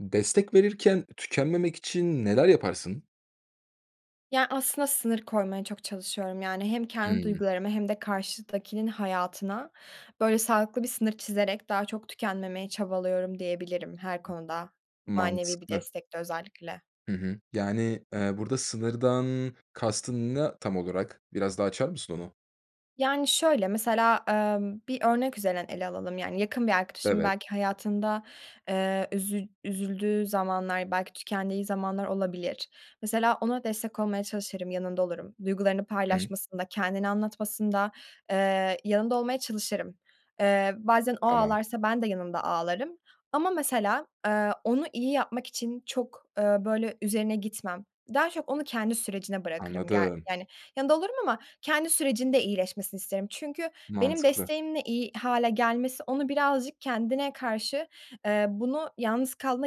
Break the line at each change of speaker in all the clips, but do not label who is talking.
Destek verirken tükenmemek için neler yaparsın?
Ya, aslında sınır koymaya çok çalışıyorum. Yani hem kendi
Hıı.
duygularımı hem de karşıdakinin hayatına, böyle, sağlıklı bir sınır çizerek daha çok tükenmemeye çabalıyorum diyebilirim her konuda manevi bir
Mantıklı.
destekte özellikle.
Hı hı, yani, eee, burada sınırdan kastın ne tam olarak? Biraz daha açar mısın onu?
Yani, şöyle, mesela, ımm, bir örnek üzerinden ele alalım, yani, yakın bir arkadaşımın
Evet.
belki hayatında, eee üzü üzüldüğü zamanlar, belki tükendiği zamanlar olabilir. Mesela ona destek olmaya çalışırım, yanında olurum. Duygularını
[unintelligible]
paylaşmasında, kendini anlatmasında, eee, yanında olmaya çalışırım. Eee, bazen o
Tamam.
ağlarsa ben de yanımda ağlarım ama mesela, eee, onu iyi yapmak için çok, ııı, böyle, üzerine gitmem. Daha çok onu kendi sürecine bırakırım. Ge
Anladım.
yani, yanında olurum ama kendi sürecinde iyileşmesini isterim. Çünkü benim
Mantıklı.
desteğimle iyi hâle gelmesi onu birazcık kendine karşı, eee, bunu yalnız kaldığında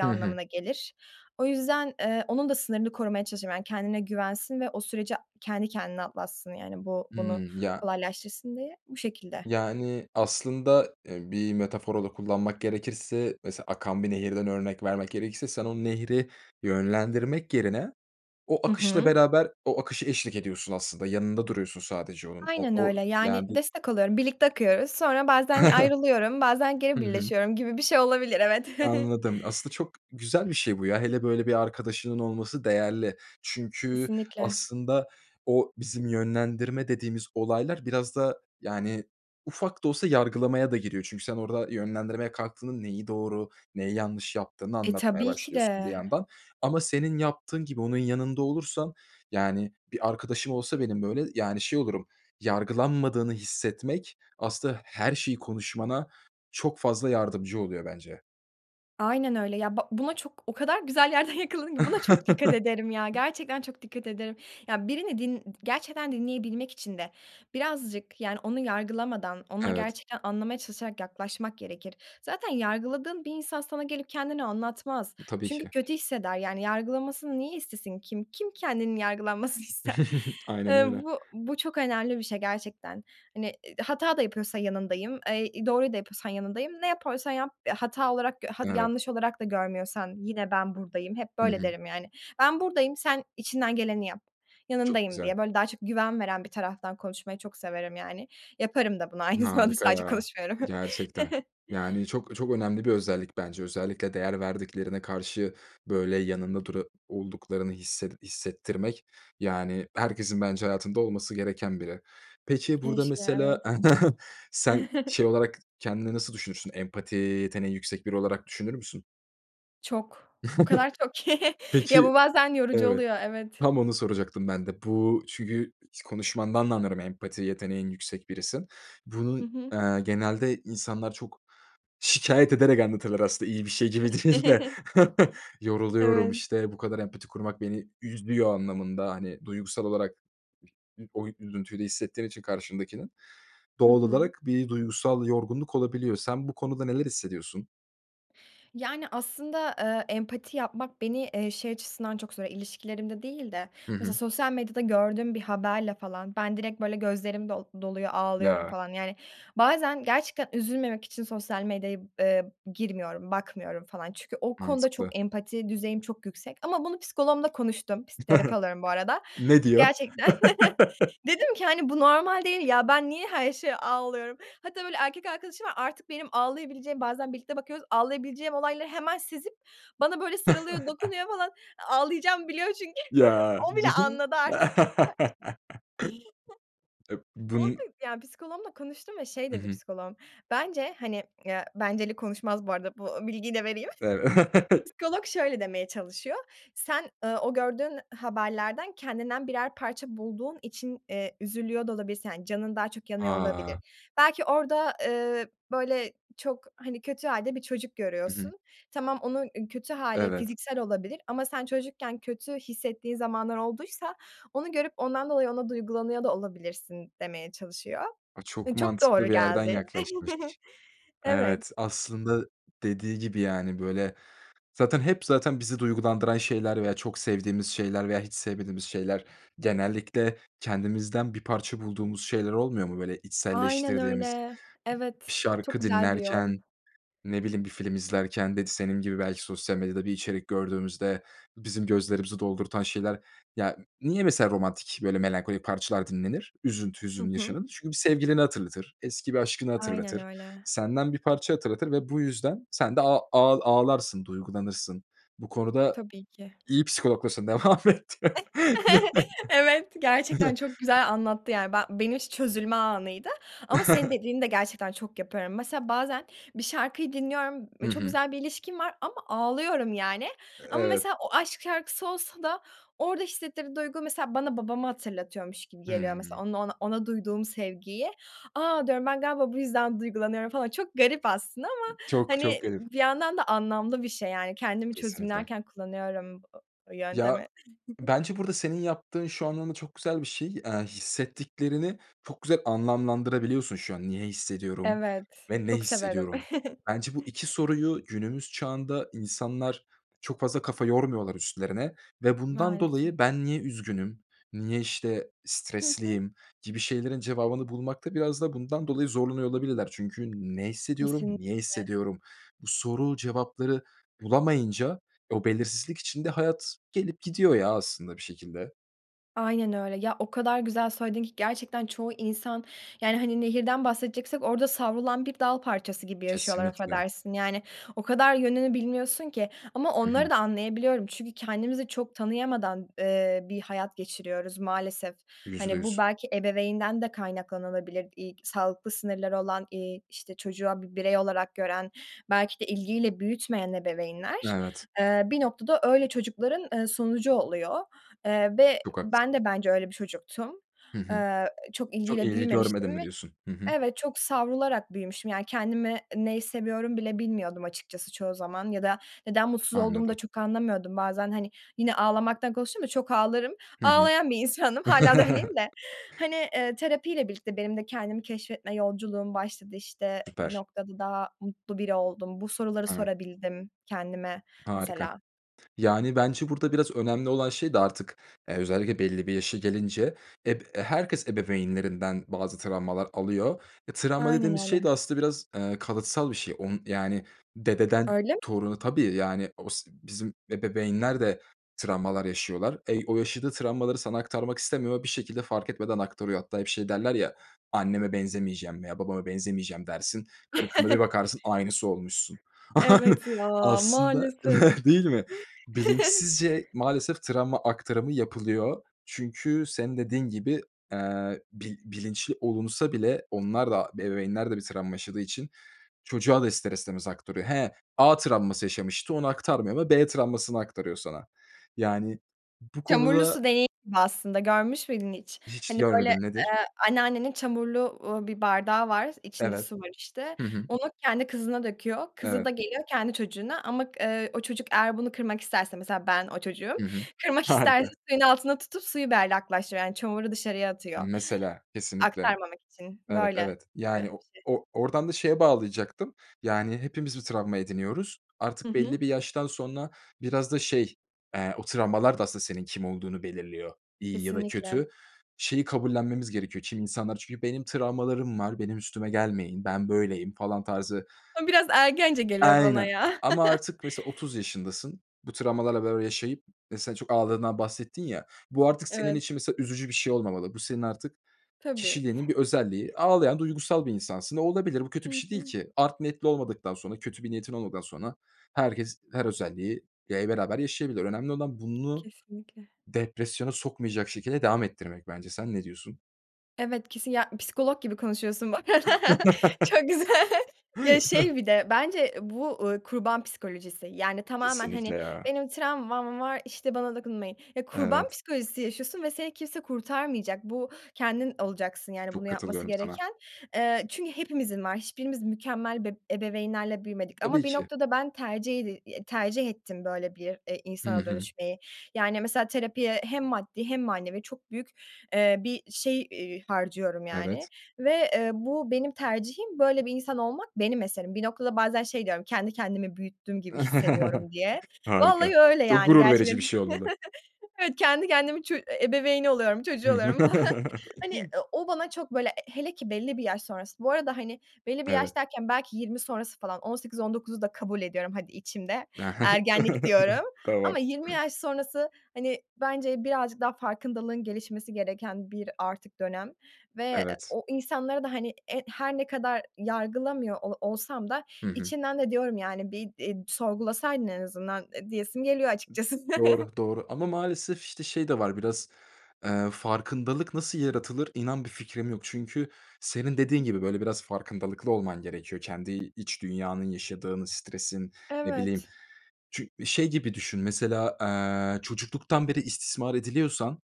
Hı hı.
anlamına gelir. O yüzden, eee, onun da sınırını korumaya çalışırım. Yani, kendine güvensin ve o süreci kendi kendine atlatsın, yani bu bunu
Hıı, ya
kolaylaştırsın diye. Bu şekilde.
Yani, aslında, eee, bir metafor olarak kullanmak gerekirse, mesela akan bir nehirden örnek vermek gerekirse sen o nehri yönlendirmek yerine o
Hı
akışla
hı.
beraber, o akışa eşlik ediyorsun aslında, yanında duruyorsun sadece onun. O
Aynen
o
öyle. Yani,
[unintelligible]
destek oluyorum, birlikte akıyoruz, sonra bazen ayrılıyorum, bazen geri
Hı hı.
birleşiyorum gibi bir şey olabilir, evet.
Anladım. Aslında çok güzel bir şey bu, ya. Hele böyle bir arkadaşının olması değerli çünkü
Kesinlikle.
aslında o bizim yönlendirme dediğimiz olaylar biraz da, yani, ufak da olsa yargılamaya da giriyor. Çünkü sen orada yönlendirmeye kalktığının neyi doğru, neyi yanlış yaptığını
E,
anlatmaya
tabii ki
başlıyorsun bir
de.
yandan ama senin yaptığın gibi onun yanında olursan, yani, bir arkadaşım olsa benim böyle, yani, şey olurum, yargılanmadığını hissetmek aslında her şeyi konuşmana çok fazla yardımcı oluyor bence.
Aynen öyle. Ya, ba buna çok, o kadar güzel yerden yakaladın ki buna çok dikkat ederim ya. Gerçekten çok dikkat ederim. Ya birini din d gerçekten dinleyebilmek için de birazcık, yani, onu yargılamadan, ona
Evet.
gerçekten anlamaya çalışarak yaklaşmak gerekir. Zaten yargıladığın bir insan sana gelip kendini anlatmaz.
Tabii
Çünkü
ki.
kötü hisseder, yani, yargılanmasını niye istesin? Kim kim kendinin yargılanmasını ister?
Aynen
Iıı,
öyle.
bu bu çok önemli bir şey gerçekten. Hani, ııı, hata da yapıyorsa yanındayım. Eee, doğruyu da yapıyorsan yanındayım. Ne yapıyorsan yap, hata olarak, gö ha
Evet.
yanlış olarak da görmüyorsan, yine ben buradayım. Hep
Hı
böyle
hı.
derim, yani. Ben buradayım, sen içinden geleni yap,
Çok
yanındayım
güzel.
diye, böyle daha çok güven veren bir taraftan konuşmayı çok severim, yani. Yaparım da bunu, aynı zamanda
Harika
sadece
ya,
konuşmuyorum.
gerçekten. Yani, çok çok önemli bir özellik bence. Özellikle değer verdiklerine karşı, böyle, yanında dura olduklarını hisset hissettirmek, yani, herkesin bence hayatında olması gereken biri. Peki, burada
Keşke,
mesela
evet.
sen şey olarak kendini nasıl düşünürsün? Empati yeteneği yüksek biri olarak düşünür müsün?
Çok. O kadar çok ki. Ya,
Peki,
bu bazen yorucu
evet,
oluyor, evet.
tam onu soracaktım ben de. Bu çünkü konuşmandan da anlarım, empati yeteneğin yüksek birisin. Bunun,
Hı hı.
eee, genelde insanlar çok şikâyet ederek anlatırlar aslında iyi bir şey gibi değil de. Yoruluyorum,
Evet.
işte, "Bu kadar empati kurmak beni üzüyor." anlamında, hani, duygusal olarak ı o üzüntüyle hissettiğin için karşındakinin
Hı
doğal
hı.
olarak bir duygusal yorgunluk olabiliyor. Sen bu konuda neler hissediyorsun?
Yani, aslında, ııı, empati yapmak beni, eee, şey açısından çok zorluyor, ilişkilerimde değil de,
Hı
mesela,
hı.
sosyal medyada gördüğüm bir haberle falan ben direkt, böyle, gözlerim do doluyor, ağlıyorum
Ya.
falan. Yani, bazen gerçekten üzülmemek için sosyal medyaya, ııı, girmiyorum, bakmıyorum, falan. Çünkü o konuda
Mantıklı.
çok empati düzeyim çok yüksek ama bunu psikoloğumla konuştum, pis terapi alıyorum bu arada.
Ne diyor?
Gerçekten, dedim ki, hani, bu normal değil, ya, ben niye her şeye ağlıyorum. Hatta, böyle, erkek arkadaşım var, artık benim ağlayabileceğim, bazen birlikte bakıyoruz, ağlayabileceğim olayları hemen sezip bana böyle, sarılıyor, dokunuyor falan, ağlayacağımı biliyor çünkü.
Ya.
O bile
[unintelligible]
anladı artık. [unintelligible]
E,
Onu
bun
ya, psikoloğumla konuştum ve şey
Hı
dedi,
hı.
psikoloğum, bence, hani, ya, benceli konuşmaz bu arada, bu bilgiyi de vereyim.
Ev
Psikolog şöyle demeye çalışıyor, sen, ııı, o gördüğün haberlerden kendinden birer parça bulduğun için, eee, üzülüyor da olabilirsin. Hani, canın daha çok yanıyor, olabilir.
A!
Belki orada, eee, böyle, çok, hani, kötü hâlde bir çocuk
Hı hı.
görüyorsun. Tamam, onun kötü hâli
Evet.
fiziksel olabilir ama sen çocukken kötü hissettiğin zamanlar olduysa onu görüp ondan dolayı ona duygulanıyor da olabilirsin, demeye çalışıyor.
A, çok
Eee, çok doğru
mantıklı bir yerden
geldi.
yaklaşmış.
Evet.
Evet, aslında dediği gibi, yani, böyle, zaten hep, zaten bizi duygulandıran şeyler veya çok sevdiğimiz şeyler veya hiç sevmediğimiz şeyler genellikle kendimizden bir parça bulduğumuz şeyler olmuyor mu? Böyle
Aynen
içselleştirdiğimiz.
öyle.
Bir
Evet. Çok
şarkı
güzel bir yol.
dinlerken, ne bileyim, bir film izlerken [unintelligible] senin gibi belki sosyal medyada bir içerik gördüğümüzde bizim gözlerimizi doldurtan şeyler ya, niye, mesela, romantik böyle melankolik parçalar dinlenir, üzüntü,
Hı
hüzün
hı.
yaşanır? Çünkü bir sevgilini hatırlatır, eski bir aşkını
Aynen
hatırlatır,
öyle.
senden bir parça hatırlatır ve bu yüzden sen de a ağ ağlarsın, duygulanırsın. Bu konuda,
Tabii ki.
iyi psikologlasın devam et.
Evet, gerçekten çok güzel anlattı, yani, be benim için çözülme anıydı ama senin dediğini de gerçekten çok yapıyorum. Mesela bazen bir şarkıyı dinliyorum,
Hı
çok
hı.
güzel bir ilişkim var ama ağlıyorum yani.
E
Ama
evet.
mesela o aşk şarkısı olsa da orada hissettirdiği duygu, mesela, bana babamı hatırlatıyormuş gibi geliyor, mesela
Hımm.
onunla ona ona duyduğum sevgiyi. A, diyorum, ben galiba bu yüzden duygulanıyorum falan. Çok garip aslında ama,
Çok çok
hani,
garip.
bir yandan da anlamlı bir şey, yani. Kendimi
Kesinlikle.
çözümlerken kullanıyorum [unintelligible]
Ya,
yöntemi.
bence burada senin yaptığın şu anlamda çok güzel bir şey, eee, hissettiklerini çok güzel anlamlandırabiliyorsun. Şu an niye hissediyorum
Evet.
ve ne
Çok severim.
hissediyorum? Bence bu 2 soruyu günümüz çağında insanlar çok fazla kafa yormuyorlar, üstlerine ve bundan
Maalesef.
dolayı ben niye üzgünüm, niye, işte,
Hı hı.
stresliyim gibi şeylerin cevabını bulmakta biraz da bundan dolayı zorlanıyor olabilirler. Çünkü ne hissediyorum, niye
Kesinlikle.
hissediyorum, bu soru cevapları bulamayınca o belirsizlik içinde hayat gelip gidiyor ya, aslında bir şekilde.
Aynen öyle. Ya, o kadar güzel söyledin ki gerçekten çoğu insan, yani, hani, nehirden bahsedeceksek orada savrulan bir dal parçası gibi yaşıyorlar,
Kesinlikle.
affedersin. Yani o kadar yönünü bilmiyorsun ki. Ama
Hı
onları
hı.
da anlayabiliyorum çünkü kendimizi çok tanıyamadan, eee, bir hayat geçiriyoruz maalesef.
yüzde
Hani, bu
yüz
belki ebeveynden de kaynaklanabilir. İ k sağlıklı sınırları olan, eee, işte çocuğa bir birey olarak gören, belki de ilgiyle büyütmeyen ebeveynler,
Evet.
eee, bir noktada öyle çocukların, eee, sonucu oluyor. Eee, ve
Çok
ben
haklısın.
de bence öyle bir çocuktum.
Hı hı.
Eee, çok
Çok
ilgiyle
ilgi görmedim
büyümemiştim
mi,
ve
diyorsun? Hı hı.
Evet, çok savrularak büyümüşüm. Yani, kendimi neyi seviyorum bile bilmiyordum açıkçası çoğu zaman ya da neden mutsuz olduğumu da
Anladım.
çok anlamıyordum. Bazen hani, yine ağlamaktan konuştum da çok ağlarım.
Hı hı.
Ağlayan bir insandım. Hâlâ da öyleyim de. Hani, eee, terapiyle birlikte benim de kendimi keşfetme yolculuğum başladı, işte, bir
Süper.
noktada daha mutlu biri oldum. Bu soruları
Evet.
sorabildim kendime
Harika.
mesela.
Yani, bence burada biraz önemli olan şey de artık, eee, özellikle belli bir yaşa gelince eb e, herkes ebeveynlerinden bazı travmalar alıyor. E, travma
Aynen
dediğimiz şey
öyle.
de aslında biraz, eee, kalıtsal bir şey, onu yani dededen
Öyle m
toruna Tabii, yani osi bizim ebeveynler de travmalar yaşıyorlar. Ey o yaşadığı travmaları sana aktarmak istemiyor ve bir şekilde fark etmeden aktarıyor. Hatta hep şey derler ya, anneme benzemeyeceğim veya babama benzemeyeceğim dersin, 40'ında bir bakarsın aynısı olmuşsun.
Evet, ya,
Aslında
maalesef.
Değil mi? Bilinçsizce maalesef travma aktarımı yapılıyor çünkü senin dediğin gibi, eee, bi bilinçli olunsa bile onlar da ebeveynler de bir travma yaşadığı için çocuğa da ister istemez aktarıyor. He, A travması yaşamıştı, onu aktarmıyor ama B travmasını aktarıyor sana. Yani bu
Çamurlu
konuda
su deneyi va aslında görmüş müydün hiç?
Hiç
Hani, böyle,
görmedim. Nedir?
eee, anneannenin çamurlu, uuu, bir bardağı var, içinde
Evet.
su var işte.
Hı hı.
Onu kendi kızına döküyor. Kızı da
Evet.
geliyor kendi çocuğuna ama k eee, o çocuk eğer bunu kırmak isterse, mesela ben o çocuğum,
Hı hı.
kırmak isterse
Harika!
suyun altında tutup suyu berraklaştırıyor, yani çamuru dışarıya atıyor.
Mesela, kesinlikle.
Aktarmamak için.
Evet,
Böyle
evet.
gibi bir
Yani o
şey.
o oradan da şeye bağlayacaktım. Yani, hepimiz bir travma ediniyoruz.
Hı
Artık belli
hı.
bir yaştan sonra biraz da şey, eee, o travmalar da aslında senin kim olduğunu belirliyor, iyi ya da
Kesinlikle.
kötü. Şeyi kabullenmemiz gerekiyor, kimi insanlar çünkü benim travmalarım var, benim üstüme gelmeyin, ben böyleyim falan tarzı
O biraz ergence geliyor bana
Aynen.
ya.
Ama artık mesela 30 yaşındasın, bu travmalarla beraber yaşayıp mesela çok ağlandığından bahsettin ya, bu artık senin
Evet.
için mesela üzücü bir şey olmamalı, bu senin artık
Tabii.
kişiliğinin bir özelliği, ağlayan duygusal bir insansın ve olabilir bu kötü
Hı
bir şey değil
hı.
ki. Art niyetli olmadıktan sonra, kötü bir niyetin olmadan sonra herkes her özelliği, ya, i beraber yaşayabilir. Önemli olan bunu
Kesinlikle.
depresyona sokmayacak şekilde devam ettirmek bence. Sen ne diyorsun?
Evet, kesin ya psikolog gibi konuşuyorsun, bak. Çok güzel. Ya, şey bir de bence bu, uuu, kurban psikolojisi, yani, tamamen,
Kesinlikle
hani,
ya.
benim travmam var, işte, bana dokunmayın. Ya, kurban
Evet.
psikolojisi yaşıyorsun ve seni kimse kurtarmayacak. Bu kendin olacaksın, yani,
Çok
bunu yapması
katılıyorum sana.
gereken. Eee, çünkü hepimizin var. Hiçbirimiz mükemmel, be ebeveynlerle büyümedik ama
Tabii
bir
ki.
noktada ben tercih edi tercih ettim böyle bir, eee,
Hı
insana
hı.
dönüşmeyi. Yani, mesela terapiye hem maddi hem manevi çok büyük, eee, bir şey, iii, harcıyorum, yani
Evet.
ve, eee, bu benim tercihim, böyle bir insan olmak benim eserim. Bir noktada bazen şey diyorum, kendi kendimi büyüttüm gibi hissediyorum, diye.
Harika,
Vallahi öyle
çok
yani,
gurur verici
gerçekten.
bir şey olmalı.
Evet, kendi kendimi, ço ebeveyni oluyorum, çocuğu oluyorum falan.
Hı
Hani, eee, o bana çok böyle hele ki belli bir yaş sonrası, bu arada, hani, belli bir yaş
Evet.
derken belki 20 sonrası falan, 18-19'u da kabul ediyorum, hadi içimde,
E, he.
ergenlik diyorum
Tamam.
ama 20 yaş sonrası, hani, bence birazcık daha farkındalığın gelişmesi gereken bir artık dönem ve
Evet.
o insanlara da, hani, eee, her ne kadar yargılamıyor o olsam da
Hı hı.
içimden de diyorum, yani, bir, i sorgulasaydın en azından, eee, diyesim geliyo açıkçası.
Doğru, doğru ama maalesef, işte, şey de var biraz, eee, farkındalık nasıl yaratılır, inan bir fikrim yok. Çünkü senin dediğin gibi, böyle, biraz farkındalıklı olman gerekiyor. Kendi iç dünyanın yaşadığını, stresin, ne bileyim,
Evet.
çü şey gibi düşün mesela, eee, çocukluktan beri istismar ediliyorsan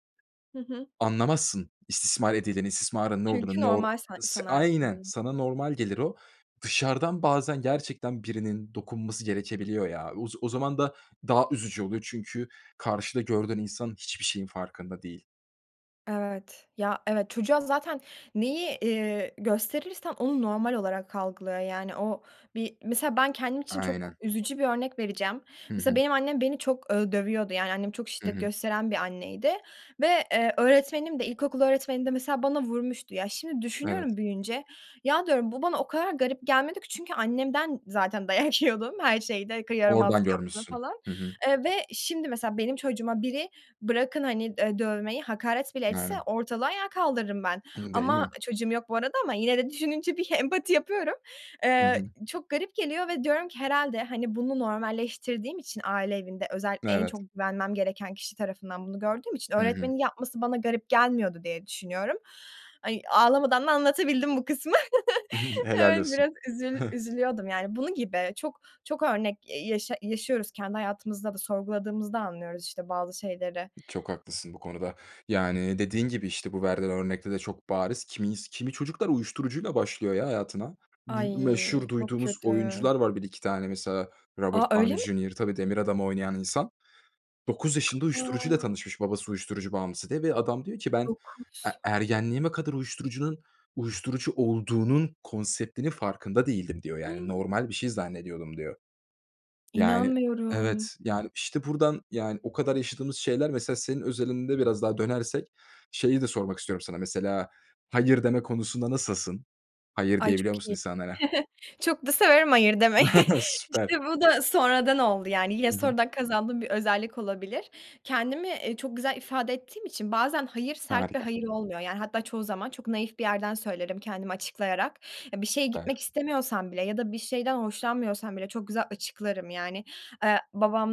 Hı hı.
anlamazsın istismar edileni, istismarın ne
Çünkü
olduğunu, nor
normal sa
s aynen
sanarsın.
sana normal gelir o. Dışarıdan bazen gerçekten birinin dokunması gerekebiliyor ya. O o zaman da daha üzücü oluyor. Çünkü karşıda gördüğün insan hiçbir şeyin farkında değil.
Evet. Ya, evet. Çocuğa zaten neyi, eee, gösterirsen onu normal olarak algılıyor, yani. O, bir, mesela, ben kendim için çok
Aynen.
üzücü bir örnek vereceğim.
Hı
Mesela,
hı.
benim annem beni çok ö dövüyordu, yani, annem çok
Hı
şiddet
hı.
gösteren bir anneydi ve, eee, öğretmenim de, ilkokul öğretmenim de mesela bana vurmuştu. Ya şimdi
Evet.
düşünüyorum büyüyünce, ya diyorum, beu bana o kadar garip gelmedi ki çünkü annemden zaten dayak yiyordum, her şeyde, k yaramazlık
Oradan
yaptığım
görmüşsün.
falan,
Hı hı.
eee, ve şimdi, mesela, benim çocuğuma biri, bırakın, hani, eee, dövmeyi, hakaret bile etse
Aynen.
ortalığı ayağa kaldırırım ben.
I değil
Ama,
mi?
çocuğum yok bu arada ama yine de düşününce bir empati yapıyorum.
Hı
Eee,
hı.
çok garip geliyor ve diyorum ki herhâlde, hani, bunu normalleştirdiğim için aile evinde, özellikle en
Evet.
çok güvenmem gereken kişi tarafından bunu gördüğüm için
Hı hı.
öğretmenin yapması bana garip gelmiyordu diye düşünüyorum. Ay, ağlamadan da anlatabildim bu kısmı.
Helal
Evet,
olsun.
biraz üzül üzülüyordum, yani. Bunun gibi. Çok, çok örnek, eee, yaşa yaşıyoruz kendi hayatımızda da sorguladığımız da anlıyoruz işte bazı şeyleri.
Çok haklısın bu konuda. Yani, dediğin gibi, işte, bu verdiğin örnekte de çok bariz. Kimis kimi çocuklar uyuşturucuyla başlıyor ya hayatına. Bu
Ay,
meşhur
çok
duyduğumuz
kötü.
oyuncular var, 1-2 tane, mesela, Robert
A, öyle
Downey
mi?
Jr. Tabii Demir Adamı oynayan insan. 9 Yaşında uyuşturucu ile
A!
tanışmış, babası uyuşturucu bağımlısı diye ve adam diyor ki ben e
9.
ergenliğime kadar uyuşturucunun uyuşturucu olduğunun konseptinin farkında değildim, diyor. Yani, normal bir şey zannediyordum, diyor. Yani,
İnanmıyorum!
evet, yani, işte, buradan, yani, o kadar yaşadığımız şeyler. Mesela, senin özelinde biraz daha dönersek şeyi de sormak istiyorum sana. Mesela, hayır deme konusunda nasılsın? Hayır
Ay
diyebiliyor
çok
musun
iyi.
insanlara?
Çok da severim hayır demeyi.
Süper.
İşte, bu da sonradan oldu, yani. Yine
Hı hı.
sonradan kazandığım bir özellik olabilir. Kendimi, eee, çok güzel ifade ettiğim için bazen hayır, sert bir
Harika.
hayır olmuyor, yani, hatta çoğu zaman çok naif bir yerden söylerim kendimi açıklayarak. Bir şeye gitmek
Süper.
istemiyorsam bile ya da bir şeyden hoşlanmıyorsam bile çok güzel açıklarım, yani. Eee,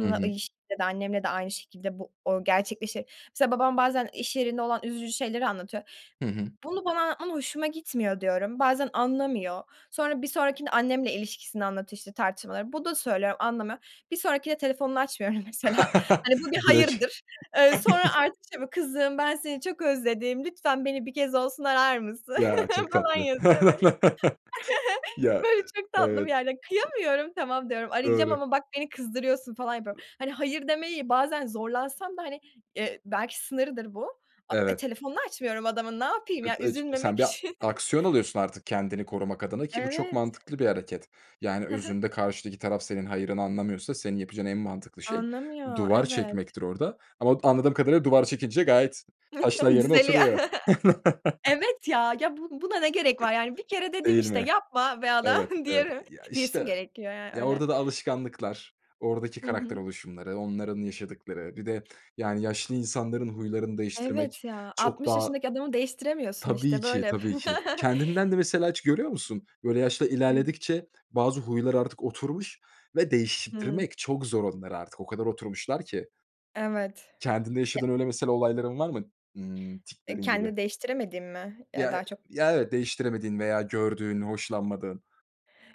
Hı hı.
[unintelligible] annemle de aynı şekilde bu, o, gerçekleşir. Mesela, babam bazen iş yerinde olan üzücü şeyleri anlatıyor.
Hı hı.
"Bunu bana anlatman hoşuma gitmiyor." diyorum. Bazen anlamıyor. Sonra bir sonrakinde annemle ilişkisini anlatıyor, işte, tartışmaları. Bu da söylüyorum, anlamıyor. Bir sonrakinde telefonunu açmıyorum, mesela. Hani, bu bir
Direkt.
hayırdır. Eee, sonra artık şey mi, "Kızım, ben seni çok özledim, lütfen beni bir kez olsun arar mısın?"
Ya, çok
falan
tatlı.
yazıyor böyle.
Ya,
Böyle çok tatlı bir
evet.
yerde, kıyamıyorum, "Tamam." diyorum, "Arayacağım
Doğru.
ama bak beni kızdırıyorsun." falan yapıyorum. Hani, hayır demeyi, bazen zorlansam da, hani, eee, belki sınırıdır bu, a e,
Evet.
telefonunu açmıyorum adamın, ne yapayım ya,
[unintelligible] Sen
üzülmemek
bir
için.
aksiyon alıyorsun artık kendini korumak adına ki bu çok
Evet.
mantıklı bir hareket. Yani,
Hı hı.
özünde karşıdaki taraf senin hayırını anlamıyorsa senin yapacağın en mantıklı şey
Anlamıyor.
duvar
Evet.
çekmektir orada ama anladığım kadarıyla duvar çekince gayet taşlar yerine
Düzeliyor.
oturuyor.
Evet ya, ya bu buna ne gerek var yani? Bir kere dedim
Değil
işte,
mi?
yapma be
Evet,
adam,
evet,
diyelim
ya,
diyesim
işte,
gerekiyor, yani,
ya,
öyle.
orada da alışkanlıklar, oradaki
Hı
karakter
hı.
oluşumları, onların yaşadıkları bir de yani yaşlı insanların huylarını
Evet
değiştirmek
ya,
çok
60
daha
yaşındaki adamı değiştiremiyorsun,
Tabii
işte,
ki,
böyle hep.
tabii ki kendinden de mesela hiç görüyor musun? Böyle yaş da ilerledikçe bazı huylar artık oturmuş ve
Hıı.
değiştirtmek çok zor onlar artık, o kadar oturmuşlar ki.
Evet.
Kendinde
Ya
yaşadığın öyle mesela olayların var mı, ımm,
Eee,
tiklerin gibi?
kendi değiştiremediğim mi, eee,
Ya, e
daha çok
ya, evet, değiştiremediğin veya gördüğün, hoşlanmadığın.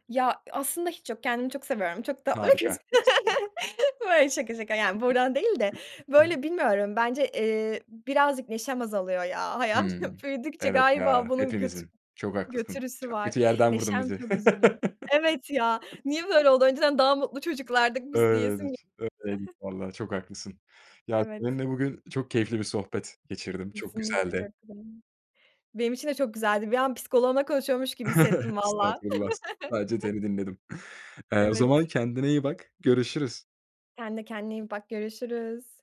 Ya, aslında hiç yok, kendimi çok seviyorum, çok tatlı bir
Harika!
kızım. Böyle, şaka şaka, yani buradan değil de, böyle, bilmiyorum, bence, eee, birazcık neşem azalıyor ya, hayat
Hıı.
büyüdükçe
Evet
galiba
ya,
bunun götü
hepimizin, çok haklısın.
götürüsü
Çok kötü
var.
yerden vurdun
Neşem
bizi.
çok üzülüyor. Evet ya, niye böyle oldu? Önceden daha mutlu çocuklardık biz, diyesim [unintelligible]
Öyleydik, öyleydik vallaha, çok haklısın. Ya,
Evet.
seninle bugün çok keyifli bir sohbet geçirdim, çok
Kesinlikle
güzeldi.
çok [unintelligible] Benim için de çok güzeldi. Bir an psikoloğumla konuşuyormuş gibi hissettim valla.
Estağfurullah, s sadece seni dinledim. Eee, o zaman
Evet.
kendine iyi bak, görüşürüz.
Sen de kendine iyi bak, görüşürüz.